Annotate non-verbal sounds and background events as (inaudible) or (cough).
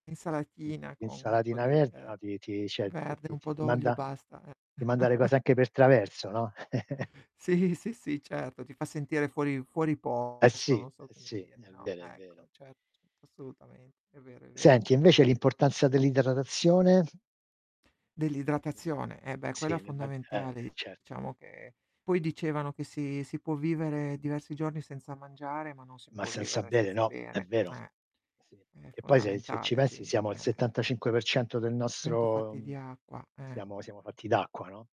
Mh-mh. Insalatina con un po' l'insalatina di, verde, no, ehm, ti ti cioè ti verde, ti un ti po' d'olio e manda basta, eh. ti manda le (chuckles) cose anche per traverso, no? (chuckles) Sì, sì, sì certo, ti fa sentire fuori fuori Eh posto sì, eh non so come sì, dire, è no. vero, è vero. Ecco, certo, certo, assolutamente, è vero, è vero. Senti invece l'importanza dell'idratazione? Secondo Dell'idratazione, eh beh quella sì, ne ma eh, eh fondamentale certo. diciamo che poi dicevano che si si può vivere diversi giorni senza mangiare, ma non si Ma può senza vivere bere senza no, è bere, vero. eh. Sì, È che poi se se ci fondamentale pensi quindi, siamo al eh. 75% del 100 nostro, fatti di mhmm, acqua, eh. siamo siamo fatti d'acqua, no?